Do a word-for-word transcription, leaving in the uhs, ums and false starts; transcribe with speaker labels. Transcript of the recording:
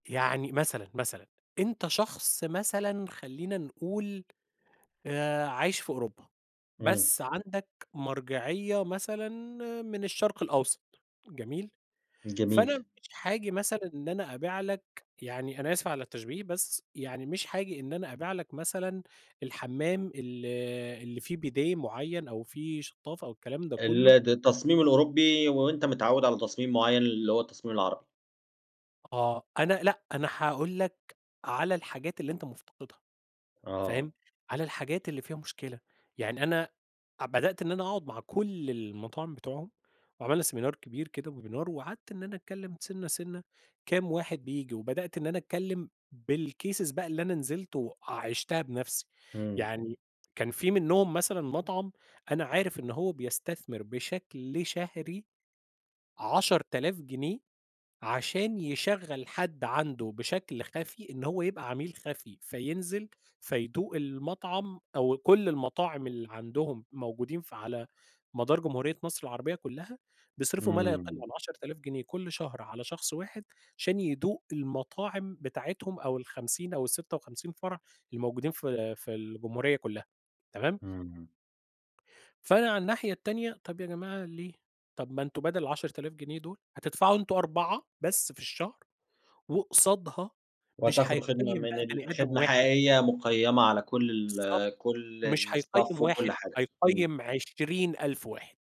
Speaker 1: يعني مثلًا مثلًا أنت شخص مثلًا خلّينا نقول آآ عايش في أوروبا،
Speaker 2: إمم.
Speaker 1: بس عندك مرجعية مثلًا من الشرق الأوسط، جميل؟ فأنا
Speaker 2: جميل.
Speaker 1: مش هاجي مثلًا إن أنا أبيع لك يعني- أنا آسف على التشبيه- بس يعني مش هاجي إن أنا أبيع لك مثلًا الحمّام ال اللي فيه بيديه معيّن أو فيه شطافة أو الكلام ده
Speaker 2: ال
Speaker 1: كلّه.
Speaker 2: د التصميم الأوروبي وأنت متعود على تصميم معيّن، اللي هو التصميم العربي.
Speaker 1: آه، أنا لأ، أنا هاقول لك على الحاجات اللي أنت مفتقدها،
Speaker 2: آه.
Speaker 1: فاهم؟ على الحاجات اللي فيها مشكلة، يعني أنا ع بدأت إن أنا أقعد مع كُل المطاعم بتوعهم وعملنا seminar كبير كده وwebinar وقعدت إن أنا أتكلم سِنّة سِنّة كام واحد بييجي، وبدأت إن أنا أتكلم بالcases بقى اللي أنا نزلت وعِشتها بنفسي،
Speaker 2: إمم.
Speaker 1: يعني كان في منهم مثلًا مطعم أنا عارف إن هو بيستثمر بشكل شهري عشرة ألاف جنيه عشان يشغّل حد عنده بشكل خفي إن هو يبقى عميل خفي، فينزل، فيدوق المطعم أو كل المطاعم اللي عندهم موجودين في على مدار جمهورية مصر العربية كلّها، بيصرفوا ما لا يقل
Speaker 2: إمم.
Speaker 1: عن عشرة ألاف جنيه كل شهر على شخص واحد عشان يدوق المطاعم بتاعتهم أو الخمسين أو الستة وخمسين فرع الموجودين في في الجمهورية كلّها، تمام؟
Speaker 2: إمم.
Speaker 1: فأنا على الناحية التانية، طب يا جماعة ليه؟ طب ما أنتم بدل العشرة ألاف جنيه دول هتدفعوا أنتم أربعة بس في الشهر، وقصادها مش
Speaker 2: وهتاخدوا خدمة
Speaker 1: هيقيّم
Speaker 2: من
Speaker 1: بقى
Speaker 2: ال
Speaker 1: بني آدم
Speaker 2: خدمة
Speaker 1: واحد
Speaker 2: حقيقية، مُقيّمة على كُل
Speaker 1: بالضبط،
Speaker 2: ال كُل
Speaker 1: مش هيقيّم
Speaker 2: الstaff
Speaker 1: واحد،
Speaker 2: وكل حاجة، إمم.
Speaker 1: هيقيّم عشرين ألف واحد.